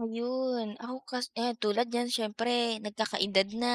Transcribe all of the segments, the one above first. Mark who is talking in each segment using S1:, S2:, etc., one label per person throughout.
S1: Ayun. Ako kas ayan, tulad niyan siyempre nagkakaedad na,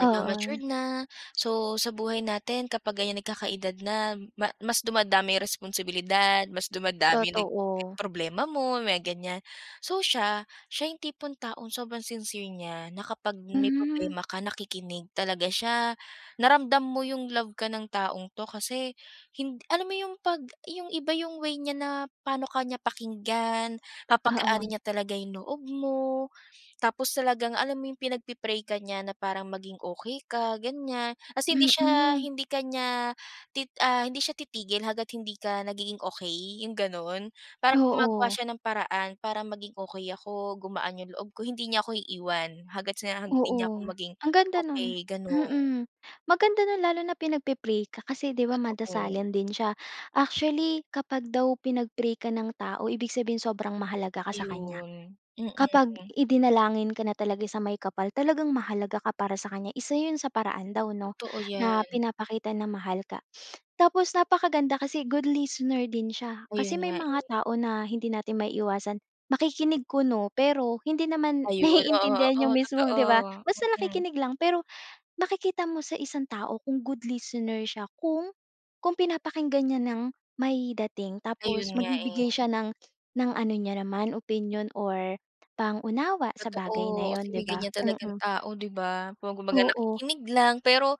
S2: Oo.
S1: na, so, sa buhay natin kapag ganiyan nagkakaedad na ma mas dumadami responsibilidad, mas dumadami nag
S2: Totoo.
S1: problema mo, may ganiyan. So siya, siya 'yong tipong taong sobrang sincere niya na kapag may
S2: Hmm.
S1: problema ka nakikinig talaga siya, na ramdam mo 'yong love ka ng taong 'to, kasi, hin alam mo 'yong pag 'yong iba 'yong way niya na pa'no ka niya pakinggan,
S2: Oo.
S1: papagaanin niya talaga 'yong loob mo. Tapos talagang, alam mo 'yong pinagpe-pray ka niya na parang maging okey ka, ganiyan, tas hindi siya
S2: Mm.
S1: hindi ka niya, tit ah, hindi siya titigil hangga't hindi ka nagiging okey, 'yong gano'n. Parang gumagawa
S2: Oo.
S1: siya ng paraan para maging okey ako, gumaan 'yong loob ko, hindi niya ako iiwan hangga't sa hindi niya ako
S2: Oo.
S1: maging
S2: Ang ganda no'n.
S1: okey, gano'n.
S2: Mm. Maganda no'n, lalo na pinagpe-pray ka, kasi, 'di ba,
S1: Totoo.
S2: madasalin din siya. Actually, kapag daw pinag-pray ka ng tao ibig sabihinin sobrang mahalaga ka sa kaniya.
S1: Ayun,
S2: Kapag
S1: mm.
S2: idinalangin ka na talaga sa may kapal talagang mahalaga ka para sa kaniya, isa 'yon sa paraan daw, 'no,
S1: Totoo
S2: na
S1: 'yan.
S2: pinapakita na mahal ka. Tapos napakaganda kasi good listener din siya,
S1: Ayun
S2: kasi may
S1: nga,
S2: mga
S1: eh.
S2: tao na hindi natin maiiwasan, makikinig kuno, pero hindi naman
S1: Ayun. Oo,
S2: naiintindihan
S1: oo,
S2: 'yong mismong, 'di
S1: totoo.
S2: ba, basta
S1: Mm.
S2: nakikinig lang. Pero, makikita mo sa isang tao kung good listener siya kung, kung pinapakinggan niya ng, may dating
S1: Ayun
S2: tapos
S1: nga, eh.
S2: magbibigay siya ng ng ano niya naman opinyon or pang-unawa sa bagay na
S1: Totoo,
S2: 'yon,
S1: kasi may
S2: 'di ba?
S1: ganiyan talagang
S2: Mm.
S1: tao, 'di ba. Kum kumbaga
S2: Oo.
S1: nakikinig lang, pero,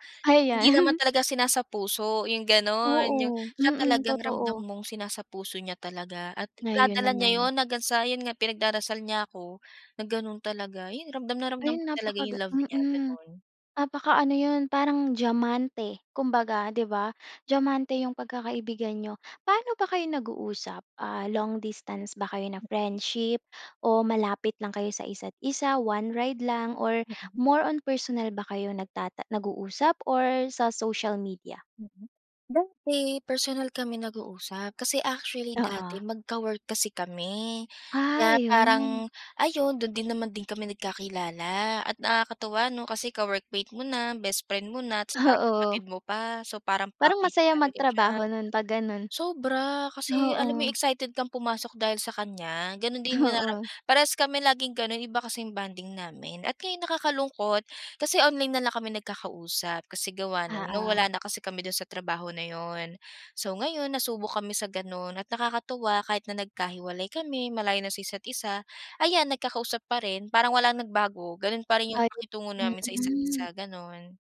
S1: hindi naman
S2: Ayan.
S1: talaga sinasapuso, 'yong gano'n. 'Yong
S2: Oo.
S1: siya
S2: Mm,
S1: talagang ramdam
S2: totoo.
S1: mong sinasapuso niya talaga at
S2: Na 'yon
S1: dinadala niya
S2: naman.
S1: 'yon hanggang sa, 'yon nga pinagdarasal niya ako, na gano'n talaga. 'Yon ramdam na
S2: Ay
S1: ramdam ko talaga 'yong
S2: napakagan
S1: love niya,
S2: mm,
S1: gano'n.
S2: napaka-ano 'yon, parang diyamante kumbaga, 'di ba, diyamante 'yong pagkakaibigan niyo. Paano ba kayo nag-uusap, ah, long distance ba kayo na
S1: Mm.
S2: friendship o malapit lang kayo sa isa't isa, one ride lang or
S1: Mhm.
S2: more on personal ba kayo nagtata nag-uusap or sa social media?
S1: Mm. Dati personal kami nag-uusap, kasi actually dati
S2: Oo.
S1: magka-work kasi kami.
S2: Ah,
S1: Kaya
S2: 'yon.
S1: parang, ayun do'n din naman din kami nagkakilala at nakakatuwa, 'no, kasi ka-workmate mo na, best friend mo na, 'tas parang
S2: Oo.
S1: kapatid mo pa. So, parang
S2: Parang
S1: package
S2: masaya
S1: talaga siya.
S2: magtrabaho no'n, 'pag gano'n.
S1: Sobra, kasi alam mo
S2: Oo.
S1: 'yong excited kang pumasok dahil sa kaniya, gano'n din 'yong narara
S2: Oo.
S1: parehas kami laging gano'n, iba kasi bonding namin. At ngayon nakakalungkot, kasi online na lang kami nagkakausap, kasi gawa ng, no'ng wala
S2: Oo.
S1: na kasi kami do'n sa trabaho na 'yon. So ngayon nasubok kami sa gano'n at nakakatuwa kahit na nagkahiwalay kami, malayo na sa isa't isa, ayan nagkakausap pa rin, parang walang nagbago, gano'n pa rin 'yong
S2: Ayun,
S1: pakitungo namin sa isa't
S2: mm.
S1: isa, gano'n.